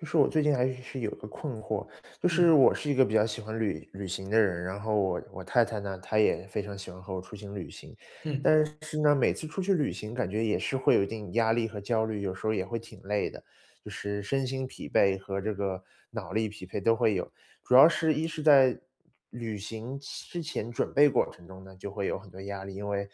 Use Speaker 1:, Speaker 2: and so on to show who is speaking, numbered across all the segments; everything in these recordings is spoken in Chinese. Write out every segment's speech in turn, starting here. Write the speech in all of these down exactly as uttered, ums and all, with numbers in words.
Speaker 1: 就是我最近还是是有一个困惑，就是
Speaker 2: 嗯。
Speaker 1: 我是一个比较喜欢旅旅行的人，然后我我太太呢，她也非常喜欢和我出行旅行。
Speaker 2: 嗯。
Speaker 1: 但是是呢，每次出去旅行，感觉也是会有一定压力和焦虑，有时候儿也会挺累的，就是身心疲惫和这个脑力疲惫都会有。主要是一是在旅行前之前准备过程中呢，就会有很多压力，因为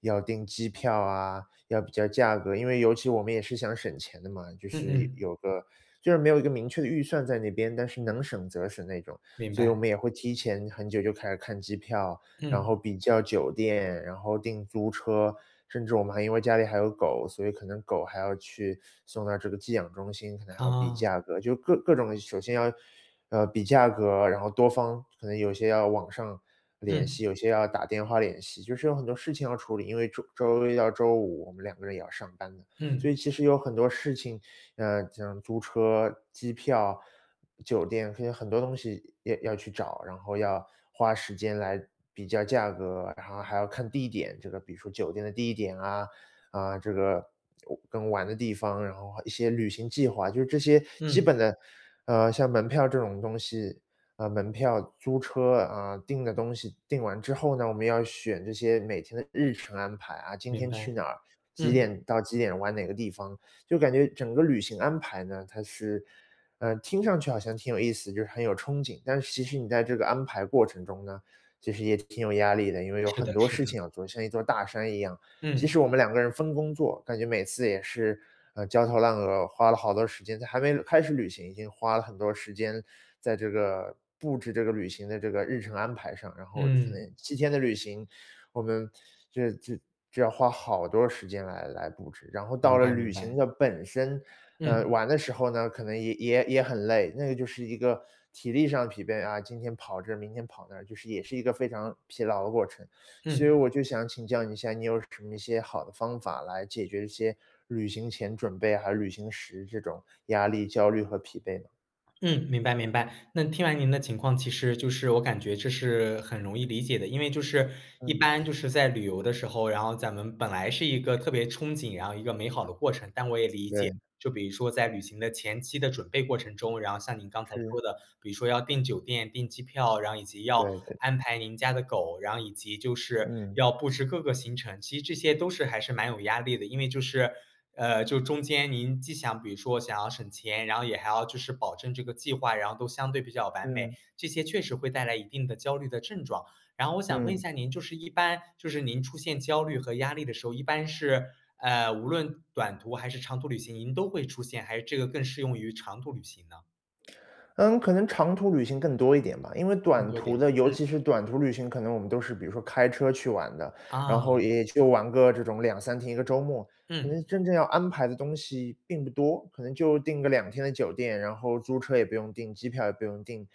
Speaker 1: 要订机票啊，要比较价格因为尤其我们也是想省钱的嘛，就
Speaker 2: 嗯
Speaker 1: 是有
Speaker 2: 嗯。
Speaker 1: 有个就是没有一个明确的预算在那边，但是能省则省那种。
Speaker 2: 明
Speaker 1: 所以我
Speaker 2: 白。
Speaker 1: 们也会提前很久就开始看机票，然
Speaker 2: 嗯。
Speaker 1: 后比较酒店，然后订租车，甚至我们还因为家里还有狗，所以可能狗还要去送到这个寄养中心，可能还要比
Speaker 2: 啊。
Speaker 1: 价格，就各各种的。首先要呃，比价格，然后多方可能有些要网上联系，
Speaker 2: 嗯。
Speaker 1: 有些要打电话联系，就是有很多事情要处理，因为周周一到周五，我们两个人也要上班的。所
Speaker 2: 嗯。
Speaker 1: 以其实有很多事情，呃，像租车、机票、酒店，它有很多东西要要去找，然后要花时间来比较价格，然后还要看地点。这个比如说酒店的地点啊，啊，这个玩跟玩的地方，然后还一些旅行计划，就这些基
Speaker 2: 嗯。
Speaker 1: 本的，呃，像门票这种东西呃，门票、租车，啊，订的东西订完之后呢，我们要选这些每天的日程安排啊，今
Speaker 2: 明
Speaker 1: 天
Speaker 2: 白，
Speaker 1: 去哪儿，几
Speaker 2: 嗯。
Speaker 1: 点到几点玩哪个地方。就是感觉整个旅行安排呢，它是呃，听上去好像挺有意思，就是很有憧憬，但是其实你在这个安排过程中呢，其实也挺有压力的，因为有
Speaker 2: 是
Speaker 1: 很
Speaker 2: 的
Speaker 1: 多
Speaker 2: 是
Speaker 1: 事
Speaker 2: 的。
Speaker 1: 情要做，像一座大山一样。即使
Speaker 2: 嗯。
Speaker 1: 我们两个人分工做，感觉每次也是，呃，焦头烂额，花了好多时间，在还没开始旅行，已经花了很多时间在这个布置这个旅行的这个日程安排上，然后可
Speaker 2: 嗯。
Speaker 1: 能七天的旅行，我们就是就就要花好多时间来来布置。然后到
Speaker 2: 明
Speaker 1: 了
Speaker 2: 白明
Speaker 1: 旅行
Speaker 2: 白。
Speaker 1: 的本身，呃，
Speaker 2: 嗯。
Speaker 1: 玩的时候呢，可能也也也很累，那个就是一个体力上的疲惫啊，今天跑这儿，明天跑那儿，就是也是一个非常疲劳的过程。所以
Speaker 2: 嗯。
Speaker 1: 我就想请教你一下，你有什么一些好的方法来解决一些旅行前准备和旅行时这种压力、焦虑和疲惫吗？
Speaker 2: 嗯，明白明白。那听完您的情况，其实就是我感觉这是很容易理解的。因为就是，一
Speaker 1: 嗯。
Speaker 2: 般就是在旅游的时候，然后咱们本来是一个特别憧憬，然后一个美好的过程。但我也理解，
Speaker 1: 对。
Speaker 2: 就比如说在旅行的前期的准备过程中，然后像您刚才
Speaker 1: 是。
Speaker 2: 说的，比如说要订酒店，订机票，然后以及要
Speaker 1: 对对。
Speaker 2: 安排您家的狗，然后以及就是
Speaker 1: 嗯。
Speaker 2: 要布置各个行程，其实这些都是还是蛮有压力的。因为就是，呃，就中间您既想比如说想要省钱，然后也还要就是保证这个计划，然后都相对比较完美。
Speaker 1: 嗯。
Speaker 2: 这些确实会带来一定的焦虑的症状。然后我想问一
Speaker 1: 嗯。
Speaker 2: 下您就是一般，就是您出现焦虑和压力的时候，一般是，呃，无论短途还是长途旅行，您都会出现？还是这个更适用于长途旅行呢？
Speaker 1: 嗯，可能长途旅行更多一点吧。因为
Speaker 2: 更
Speaker 1: 短
Speaker 2: 多一点，
Speaker 1: 途的，尤
Speaker 2: 嗯。
Speaker 1: 其是短途旅行，可能我们都是比如说开车去玩的。然后
Speaker 2: 啊。
Speaker 1: 也就玩个这种两三天，一个周末。可
Speaker 2: 嗯。
Speaker 1: 能真正要安排的东西，并不多。可能就订个两天的酒店。然后租车也不用订，机票也不用订。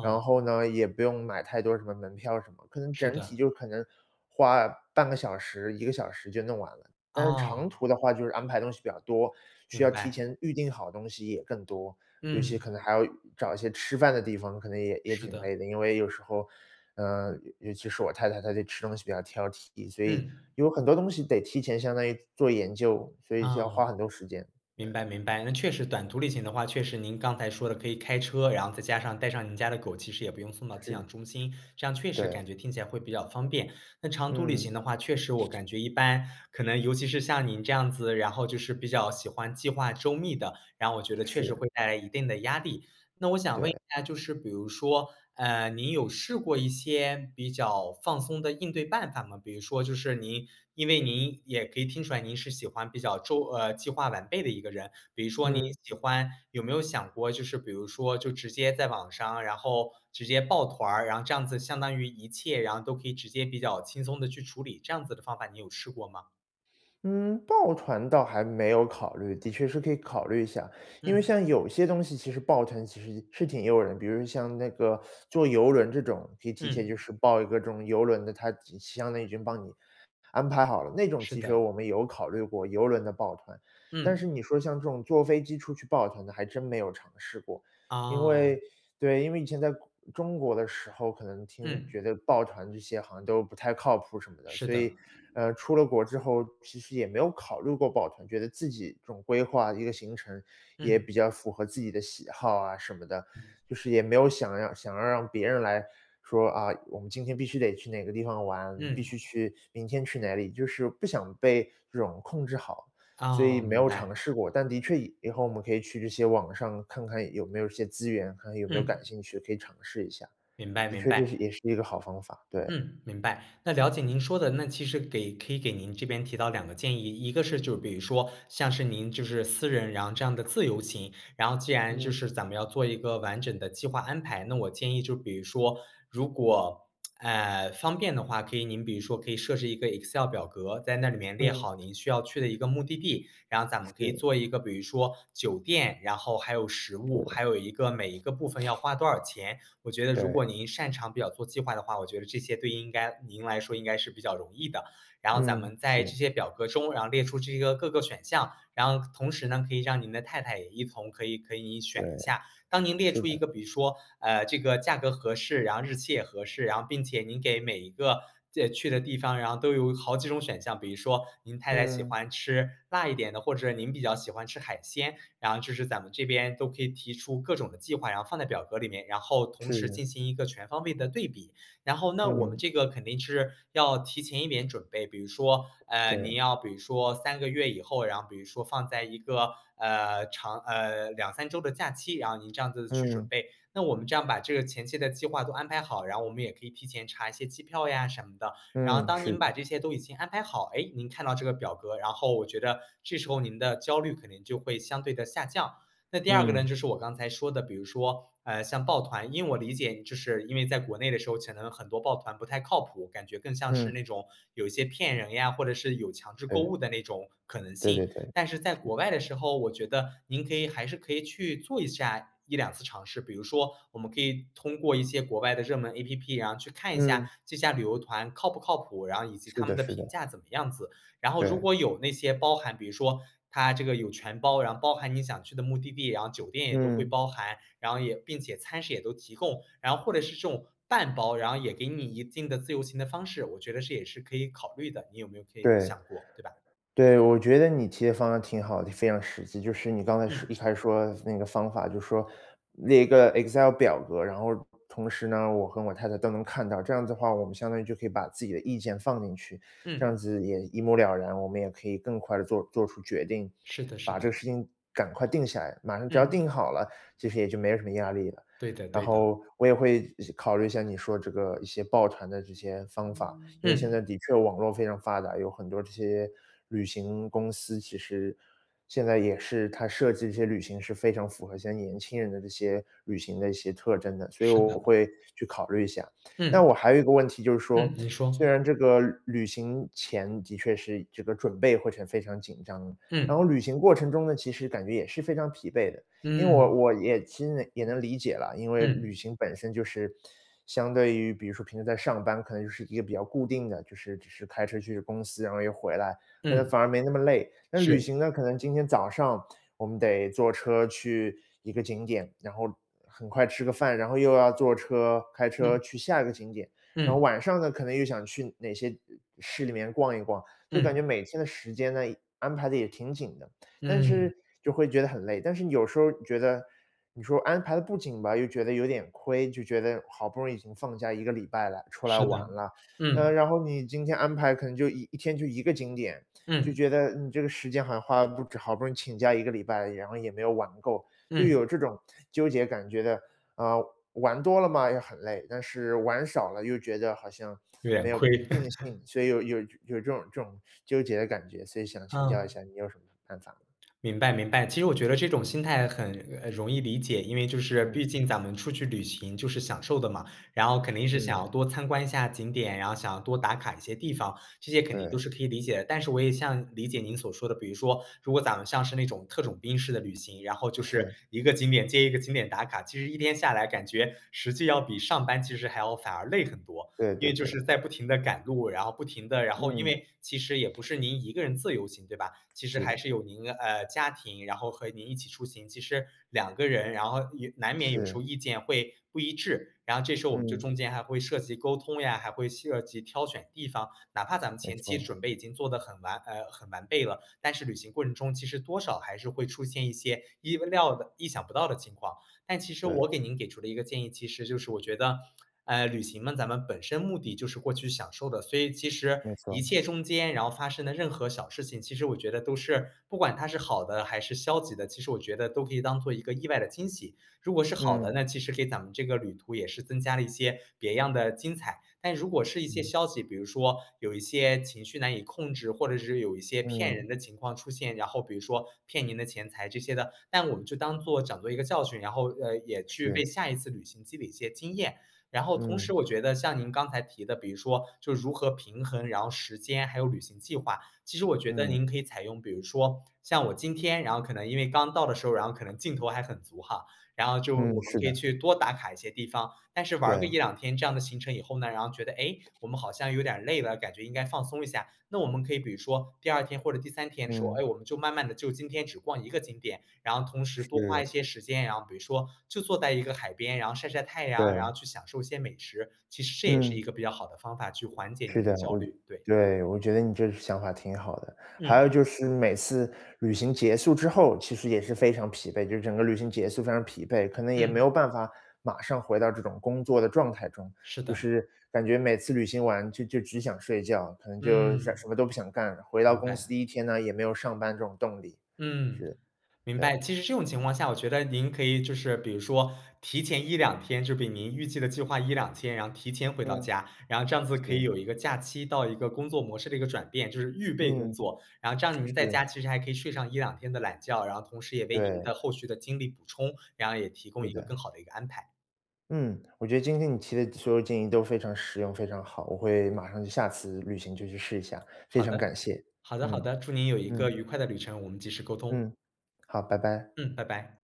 Speaker 1: 然后呢，也不用买太多什么门票什么。可能
Speaker 2: 是
Speaker 1: 整体
Speaker 2: 的。
Speaker 1: 就可能花半个小时，一个小时就弄完了。但是长
Speaker 2: 哦。
Speaker 1: 途的话，就是安排东西比较多。需
Speaker 2: 明
Speaker 1: 要提
Speaker 2: 白。
Speaker 1: 前预定好东西也更多。尤其
Speaker 2: 嗯。
Speaker 1: 可能还要找一些吃饭的地方，可能也也
Speaker 2: 是
Speaker 1: 挺
Speaker 2: 的。
Speaker 1: 累的。因为有时候，呃，尤其是我太太，她对吃东西比较挑剔。所以，
Speaker 2: 嗯。
Speaker 1: 有很多东西得提前相当于做研究，所以就要花
Speaker 2: 嗯。
Speaker 1: 很多时间，对。
Speaker 2: 明白明白。那确实短途旅行的话确实您刚才说的可以开车，然后再加上带上您家的狗，其实也不用送到寄养
Speaker 1: 是。
Speaker 2: 中心。这样确实
Speaker 1: 对。
Speaker 2: 感觉听起来会比较方便。那长途旅
Speaker 1: 嗯。
Speaker 2: 行的话确实我感觉一般，可能尤其是像您这样子，然后就是比较喜欢计划周密的，然后我觉得确实
Speaker 1: 是。
Speaker 2: 会带来一定的压力。那我想问一
Speaker 1: 对。
Speaker 2: 下就是比如说，呃，您有试过一些，比较放松的应对办法吗？比如说就是您因为您也可以听出来您是喜欢比较周呃，计划完备的一个人。比如说你
Speaker 1: 嗯。
Speaker 2: 喜欢有没有想过就是比如说，就直接在网上，然后直接报团儿。然后这样子相当于一切，然后都可以直接比较轻松地去处理，这样子的方法你有试过吗？
Speaker 1: 嗯，报团倒还没有考虑，的确是可以考虑一下。因为
Speaker 2: 嗯。
Speaker 1: 像有些东西其实报团其实是挺诱人，比如像那个 坐游轮这种，可以提前就
Speaker 2: 嗯。
Speaker 1: 是报一个这种游轮的，它已经相当于帮你安排好了，那种
Speaker 2: 是
Speaker 1: 其实
Speaker 2: 的。
Speaker 1: 我们有考虑过，游轮的报团，但是
Speaker 2: 嗯。
Speaker 1: 你说像这种坐飞机出去报团的还真没有尝试过。因为
Speaker 2: 哦。
Speaker 1: 对，因为以前在国中国的时候，可能听
Speaker 2: 嗯。
Speaker 1: 觉得报团这些好像都不太靠谱什么的，
Speaker 2: 是
Speaker 1: 所以，
Speaker 2: 的。
Speaker 1: 呃，出了国之后，其实也没有考虑过报团，觉得自己总规划一个行程，也
Speaker 2: 嗯。
Speaker 1: 比较符合自己的喜好啊什么的，就是也没有想要想要让别人来说，啊，我们今天必须得去哪个地方玩，必
Speaker 2: 嗯。
Speaker 1: 须去明天去哪里，就是不想被这种控制好，所以
Speaker 2: 哦，
Speaker 1: 没
Speaker 2: 明
Speaker 1: 有尝
Speaker 2: 白。
Speaker 1: 试过，但的确以以后我们可以去这些网上看看有没有些资源，看有没有
Speaker 2: 嗯。
Speaker 1: 感兴趣，可以尝试一下。
Speaker 2: 明白
Speaker 1: 的
Speaker 2: 明
Speaker 1: 确就是
Speaker 2: 白。
Speaker 1: 也是一个好方法，对。
Speaker 2: 嗯，明白，那了解您说的，那其实给可以给您这边提到两个建议。一个是就比如说像是您就是私人然后这样的自由行，然后既然就
Speaker 1: 嗯。
Speaker 2: 是咱们要做一个完整的计划安排，那我建议就比如说，如果，哎，方便的话，可以您比如说可以设置一个 Excel 表格，在那里面列
Speaker 1: 嗯。
Speaker 2: 好您需要去的一个目的地。然后咱们可以
Speaker 1: 是。
Speaker 2: 做一个比如说，酒店，然后还有食物，还
Speaker 1: 对。
Speaker 2: 有一个每一个部分要花多少钱，我觉得如果
Speaker 1: 对。
Speaker 2: 您擅长比较做计划的话，我觉得这些对应该您来说应该是比较容易的。然后咱
Speaker 1: 嗯，
Speaker 2: 们在这
Speaker 1: 是。
Speaker 2: 些表格中然后列出这个各个选项，然后同时呢，可以让您的太太也一同可以可以
Speaker 1: 对，
Speaker 2: 选一下。当您列
Speaker 1: 是
Speaker 2: 出一
Speaker 1: 的。
Speaker 2: 个比如说，呃，这个价格合适，然后日期也合适，然后并且您给每一个这去的地方，然后都有好几种选项，比如说您太太喜
Speaker 1: 嗯。
Speaker 2: 欢吃辣一点的，或者您比较喜欢吃海鲜，然后就是咱们这边都可以提出各种的计划，然后放在表格里面，然后同时
Speaker 1: 是。
Speaker 2: 进行一个全方位的对比。然后，那我们
Speaker 1: 嗯。
Speaker 2: 这个肯定是要提前一点准备，比如说，呃，您
Speaker 1: 对。
Speaker 2: 要比如说三个月以后，然后比如说放在一个呃长呃，两三周的假期，然后您这样子去准
Speaker 1: 嗯。
Speaker 2: 备，那我们这样把这个前期的计划都安排好，然后我们也可以提前查一些机票呀什么的，然后
Speaker 1: 嗯，
Speaker 2: 当
Speaker 1: 是
Speaker 2: 您把
Speaker 1: 的。
Speaker 2: 这些都已经安排好，哎，您看到这个表格，然后我觉得这时候您的焦虑可能就会相对地下降。那第二个呢，
Speaker 1: 嗯。
Speaker 2: 就是我刚才说的，比如说，呃，像报团因为我理解就是因为在国内的时候可能很多报团不太靠谱，感觉更像是
Speaker 1: 嗯。
Speaker 2: 那种有骗人呀，或者是有强制购
Speaker 1: 对。
Speaker 2: 物的那种可能
Speaker 1: 对对
Speaker 2: 性。
Speaker 1: 对，
Speaker 2: 但是在
Speaker 1: 是。
Speaker 2: 国外的时候，我觉得您可以还是可以去做一下一两次尝试，比如说我们可以通过一些国外的热门 app，然后去看一下
Speaker 1: 嗯。
Speaker 2: 这家旅游团靠不靠谱。然后以及
Speaker 1: 是
Speaker 2: 他
Speaker 1: 的
Speaker 2: 们的
Speaker 1: 是
Speaker 2: 评
Speaker 1: 的。
Speaker 2: 价怎么样子，然后如
Speaker 1: 对。
Speaker 2: 果有那些包含比如说他这个有全包，然后包含你想去的目的地，然后酒店也都会
Speaker 1: 嗯。
Speaker 2: 包含。然后也并且餐食也都提供，然后或者是这种半包，然后也给你一定的自由行的方式，我觉得这也是可以考虑的，你有没有可以
Speaker 1: 对，
Speaker 2: 想过，对吧？
Speaker 1: 对，我觉得你提的方案挺好的，就非常实际。就是你刚才是一
Speaker 2: 嗯。
Speaker 1: 开始说的那个方法，就说，列一个 excel 表格，然后同时呢，我和我太太都能看到，这样的话，我们相当于就可以把自己的意见放进去，这样
Speaker 2: 嗯。
Speaker 1: 子也一目了然，我们也可以更快地做做出决定，
Speaker 2: 是的是
Speaker 1: 把这
Speaker 2: 的。
Speaker 1: 个事情赶快定下来，马上只要
Speaker 2: 嗯。
Speaker 1: 定好了，其实也就没什么压力了。
Speaker 2: 对的
Speaker 1: 然
Speaker 2: 对的。
Speaker 1: 后，我也会考虑一下是你说这个一些报团的这些方法，因为现
Speaker 2: 嗯。
Speaker 1: 在的确网络非常发达，有很多这些旅行公司其实，现在也是，它设计一些旅行是非常符合一些年轻人的这些旅行的一些特征的，所以
Speaker 2: 是
Speaker 1: 我
Speaker 2: 的。
Speaker 1: 会去考虑一下。那
Speaker 2: 嗯。
Speaker 1: 我还有一个问题就是说，
Speaker 2: 嗯，您
Speaker 1: 虽
Speaker 2: 说。
Speaker 1: 然这个旅旅行前的确是这个准备过程非常紧张，然
Speaker 2: 嗯。
Speaker 1: 后旅行过程中呢，其实感觉也是非常疲惫的。因为我
Speaker 2: 嗯。
Speaker 1: 我也其实也能理解啦，因为旅
Speaker 2: 嗯。
Speaker 1: 行本身就是，相对于比如说平时在上班，可能就是一个比较固定的，就是只是开车去公司，然后又回来，可能
Speaker 2: 嗯。
Speaker 1: 反而没那么累。那旅
Speaker 2: 是。
Speaker 1: 行呢，可能今天早上我们得坐车去一个景点，然后很快吃个饭，然后又要坐车开车
Speaker 2: 嗯。
Speaker 1: 去下一个景点，然后
Speaker 2: 嗯。
Speaker 1: 晚上呢，可能又想去哪些，嗯，市里面逛一逛，就感觉
Speaker 2: 嗯。
Speaker 1: 每天的时间呢，安排得也挺紧的。但
Speaker 2: 嗯。
Speaker 1: 是就会觉得很累，但是有时候觉得，你说安排得不紧吧，又觉得有点亏，就觉得好不容易已经放假一个礼拜了，出来
Speaker 2: 是的，
Speaker 1: 玩了。呃，
Speaker 2: 嗯。
Speaker 1: 然后你今天安排可能就一一天就一个景点，就
Speaker 2: 嗯。
Speaker 1: 觉得你这个时间好像花了不值，好不容易请假一个礼拜，然后也没有玩够，就
Speaker 2: 嗯。
Speaker 1: 有这种纠结感觉的，啊，玩多了嘛，也很累，但是玩少了又觉得好像
Speaker 2: 远
Speaker 1: 没有
Speaker 2: 亏。
Speaker 1: 尽兴，所以有有有这种这种纠结的感觉，所以想请教一
Speaker 2: 嗯。
Speaker 1: 下你有什么办法吗？
Speaker 2: 明白明白，其实我觉得这种心态很，呃，容易理解。因为就是毕
Speaker 1: 嗯。
Speaker 2: 竟咱们出去旅行就是享受的嘛，然后肯定是
Speaker 1: 嗯。
Speaker 2: 想多参观一下景点，然后想多打卡一些地方，这些肯定都
Speaker 1: 对。
Speaker 2: 是可以理解的。但是我也像理解您所说的，比如说如果咱们像是那种特种兵式的旅行，然后就是
Speaker 1: 是。
Speaker 2: 一个景点接一个景点打卡，其实一天下来感觉实际要比上班其实还要反而累很多。
Speaker 1: 对
Speaker 2: 因
Speaker 1: 对
Speaker 2: 为就是
Speaker 1: 对。
Speaker 2: 在不停地赶路，然后不停地然后因
Speaker 1: 嗯。
Speaker 2: 为其实也不是您一个人自由行，对吧？其实
Speaker 1: 是
Speaker 2: 还
Speaker 1: 的。
Speaker 2: 是有您呃，家庭，然后和您一起出行，其实两个人，然后也难免有时
Speaker 1: 是。
Speaker 2: 候意见会不一致，然后这时候我们就
Speaker 1: 嗯。
Speaker 2: 中间还会涉及沟通呀，还会涉及挑选地方。哪怕咱们
Speaker 1: 没
Speaker 2: 前期
Speaker 1: 错。
Speaker 2: 准备已经做得很完呃，很完备了，但是旅行过程中其实多少还是会出现一些意料的意想不到的情况。但其实
Speaker 1: 对。
Speaker 2: 我给您给出的一个建议，其实就是我觉得，呃，旅行呢，咱们本身目的就是过去享受的，所以其实
Speaker 1: 没错。
Speaker 2: 一切中间然后发生的任何小事情，其实我觉得都是不管它是好的还是消极的，其实我觉得都可以当作一个意外的惊喜。如果是好的，
Speaker 1: 嗯。
Speaker 2: 那其实给咱们这个旅途也是增加了一些别样的精彩。但如果是一些
Speaker 1: 嗯。
Speaker 2: 消极，比如说有一些情绪难以控制，或者是有一些骗人
Speaker 1: 嗯。
Speaker 2: 的情况出现，然后比如说骗您的钱财这些的，那我们就当作讲作一个教训，然后也去为
Speaker 1: 是。
Speaker 2: 下一次旅行积累一些经验。然后同
Speaker 1: 嗯。
Speaker 2: 时我觉得像您刚才提的，比如说就如何平衡，然后时间还有旅行计划，其实我觉得
Speaker 1: 嗯。
Speaker 2: 您可以采用比如说像我今天，然后可能因为刚到的时候，然后可能劲头还很足哈，然后就我
Speaker 1: 嗯，
Speaker 2: 们
Speaker 1: 是
Speaker 2: 可以
Speaker 1: 的。
Speaker 2: 去多打卡一些地方。但是玩儿个一
Speaker 1: 对。
Speaker 2: 两天，这样的行程以后呢，然后觉得，哎，我们好像有点儿累了，感觉应该放松一下。那我们可以比如说，第二天或者第三天的时候，
Speaker 1: 嗯。
Speaker 2: 哎，我们就慢慢地就今天只逛一个景点，然后同时多花一
Speaker 1: 是。
Speaker 2: 些时间，然后比如说就坐在一个海边，然后晒晒太阳，然
Speaker 1: 对。
Speaker 2: 后去享受一些美食，其实这也是
Speaker 1: 嗯。
Speaker 2: 一个比较好的方法去缓解
Speaker 1: 是
Speaker 2: 您的
Speaker 1: 的，
Speaker 2: 焦
Speaker 1: 我
Speaker 2: 虑，对。
Speaker 1: 对，我觉得你这想法挺好的。还
Speaker 2: 嗯。
Speaker 1: 有就是每次旅行结束之后，其实也是非常疲惫，就是整个旅行结束非常疲惫，可能也没
Speaker 2: 嗯。
Speaker 1: 有办法马上回到这种工作的状态中。
Speaker 2: 是
Speaker 1: 就
Speaker 2: 的。
Speaker 1: 是感觉每次旅行完就就只想睡觉，可能就想什什
Speaker 2: 嗯，
Speaker 1: 么都不想干了，回到
Speaker 2: 明
Speaker 1: 公司
Speaker 2: 白。
Speaker 1: 第一天呢，也没有上班这种动力。
Speaker 2: 嗯，
Speaker 1: 是，
Speaker 2: 明
Speaker 1: 对。
Speaker 2: 白。其实这种情况下，我觉得您可以就是比如说提前一两天就比您预计的计划一两天，然后提前回到
Speaker 1: 嗯，
Speaker 2: 家。然后这样子可以
Speaker 1: 是。
Speaker 2: 有一个假期到一个工作模式的一个转变，就是预备工
Speaker 1: 嗯。
Speaker 2: 作。然后这样 您在
Speaker 1: 是。
Speaker 2: 家其实还可以睡上一两天的懒觉，然后同时也为您
Speaker 1: 对。
Speaker 2: 的后续的精力补充，然后也提供
Speaker 1: 是
Speaker 2: 一个更
Speaker 1: 的。
Speaker 2: 好的一个安排。
Speaker 1: 嗯，我觉得今天你提的所有建议都非常实用、非常好。我会马上就下次旅行就去试一下，非
Speaker 2: 好
Speaker 1: 常感
Speaker 2: 的，
Speaker 1: 谢。
Speaker 2: 好的好
Speaker 1: 嗯，
Speaker 2: 的，祝您有一
Speaker 1: 嗯。
Speaker 2: 个愉快的旅程，我们及时沟通。
Speaker 1: 嗯，好，拜拜。
Speaker 2: 嗯，拜拜。